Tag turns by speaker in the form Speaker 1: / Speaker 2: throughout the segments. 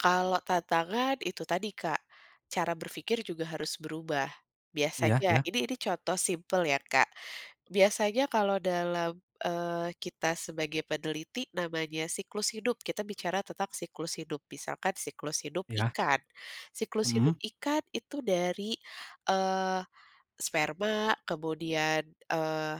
Speaker 1: Kalau tantangan itu tadi Kak, cara berpikir juga harus berubah,
Speaker 2: Iya
Speaker 1: biasanya
Speaker 2: iya
Speaker 1: ini ini contoh simpel ya Kak, biasanya kalau dalam, eee, kita sebagai peneliti namanya siklus hidup kita bicara tentang siklus hidup misalkan siklus hidup
Speaker 2: Iya.
Speaker 1: ikan siklus
Speaker 2: Mhm.
Speaker 1: hidup ikan itu dari, eee, sperma kemudian, eee,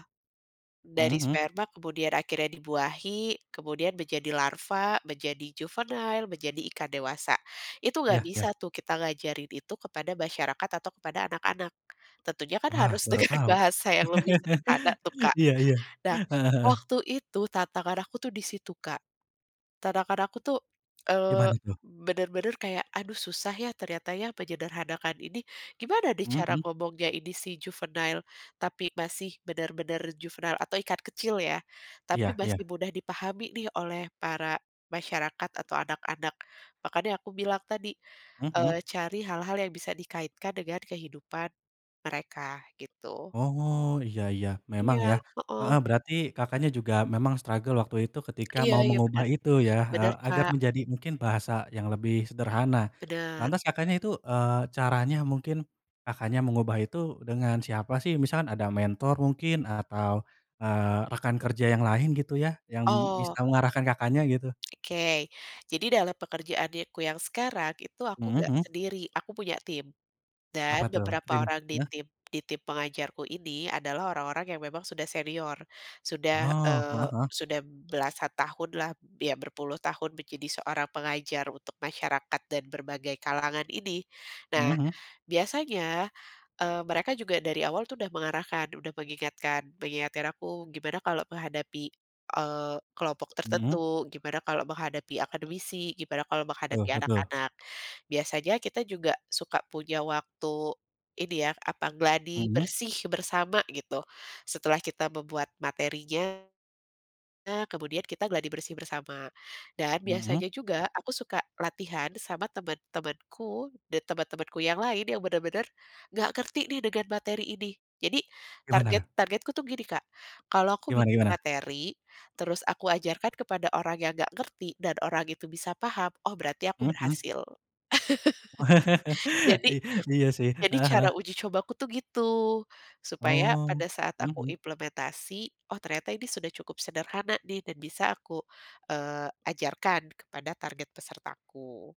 Speaker 2: Mhm
Speaker 1: dari
Speaker 2: mhm.
Speaker 1: sperma kemudian akhirnya dibuahi, kemudian menjadi larva, menjadi juvenile menjadi ikan dewasa, itu
Speaker 2: Iya
Speaker 1: gak
Speaker 2: iya.
Speaker 1: bisa tuh kita ngajarin itu kepada masyarakat atau kepada anak-anak, tentunya kan
Speaker 2: Wah
Speaker 1: harus
Speaker 2: baru
Speaker 1: dengan
Speaker 2: tahu,
Speaker 1: bahasa yang lebih sederhana tuh Kak,
Speaker 2: iya iya,
Speaker 1: nah
Speaker 2: heeh heeh.
Speaker 1: waktu itu tantangan aku tuh di situ Kak, tantangan aku tuh, eee,
Speaker 2: Gimana tuh?
Speaker 1: bener-bener kayak, "Aduh susah ya ternyata ya menyederhanakan ini gimana nih
Speaker 2: Mhm
Speaker 1: cara
Speaker 2: mhm.
Speaker 1: ngomongnya ini si juvenile tapi masih bener-bener" juvenile atau ikan kecil ya,
Speaker 2: Iya
Speaker 1: "tapi
Speaker 2: iya.
Speaker 1: masih mudah dipahami nih oleh para masyarakat atau anak-anak," makanya aku bilang tadi,
Speaker 2: Mhm mhm.
Speaker 1: eee, cari hal-hal yang bisa dikaitkan dengan kehidupan, mereka gitu.
Speaker 2: Oh iya iya memang ya,
Speaker 1: Iya, heeh.
Speaker 2: heeh, berarti Kakaknya juga memang struggle waktu itu ketika mau
Speaker 1: Iya-iya
Speaker 2: mengubah
Speaker 1: bener,
Speaker 2: itu ya
Speaker 1: benar
Speaker 2: agar
Speaker 1: Kak
Speaker 2: menjadi mungkin bahasa yang lebih sederhana,
Speaker 1: Benar.
Speaker 2: lantas Kakaknya itu, eee, caranya mungkin, Kakaknya mengubah itu dengan siapa sih? Misalkan ada mentor mungkin atau, eee, rekan kerja yang lain gitu ya yang
Speaker 1: Oh.
Speaker 2: bisa mengarahkan Kakaknya gitu.
Speaker 1: Oke, jadi dalam pekerjaannyaku yang sekarang itu aku
Speaker 2: Mhm
Speaker 1: gak
Speaker 2: mhm.
Speaker 1: sendiri aku punya tim, dan
Speaker 2: Apa tuh trim
Speaker 1: beberapa orang di
Speaker 2: heeh?
Speaker 1: tim di tim pengajarku ini adalah orang-orang yang memang sudah senior, sudah,
Speaker 2: Oh, heeh
Speaker 1: eee,
Speaker 2: heeh.
Speaker 1: sudah belasan tahunlah b iya berpuluh tahun menjadi seorang pengajar untuk masyarakat dan berbagai kalangan ini,
Speaker 2: Mhm
Speaker 1: nah
Speaker 2: mhm.
Speaker 1: biasanya, eee, mereka juga dari awal tuh udah mengarahkan udah mengingatkan mengingatkan aku gimana kalau menghadapi, eee, kelompok
Speaker 2: Mhm.
Speaker 1: tertentu gimana kalau menghadapi akademisi gimana kalau
Speaker 2: Betul
Speaker 1: menghadapi
Speaker 2: betul.
Speaker 1: anak-anak, biasanya kita juga suka punya waktu, ini ya apa gladi
Speaker 2: Mhm.
Speaker 1: bersih bersama gitu, setelah kita membuat materinya kemudian kita gladi bersih bersama dan
Speaker 2: Mhm.
Speaker 1: biasanya juga aku suka latihan sama teman-temanku dan teman-temanku yang lain yang bener-bener, nggak ngerti nih dengan materi ini. Jadi
Speaker 2: Gimana
Speaker 1: target
Speaker 2: tuh?
Speaker 1: targetku tuh gini Kak, kalau aku
Speaker 2: Gimana
Speaker 1: bikin
Speaker 2: gimana?
Speaker 1: materi, terus aku ajarkan kepada orang yang nggak ngerti dan orang itu bisa paham oh berarti aku
Speaker 2: Mhm mhm.
Speaker 1: berhasil,
Speaker 2: Wah,
Speaker 1: jadi
Speaker 2: I iya sih,
Speaker 1: jadi
Speaker 2: heeh heeh.
Speaker 1: cara uji cobaku tuh gitu, supaya
Speaker 2: Oh,
Speaker 1: pada saat
Speaker 2: mhm
Speaker 1: aku
Speaker 2: mhm.
Speaker 1: implementasi oh ternyata ini sudah cukup sederhana nih dan bisa aku, eee, ajarkan kepada target pesertaku.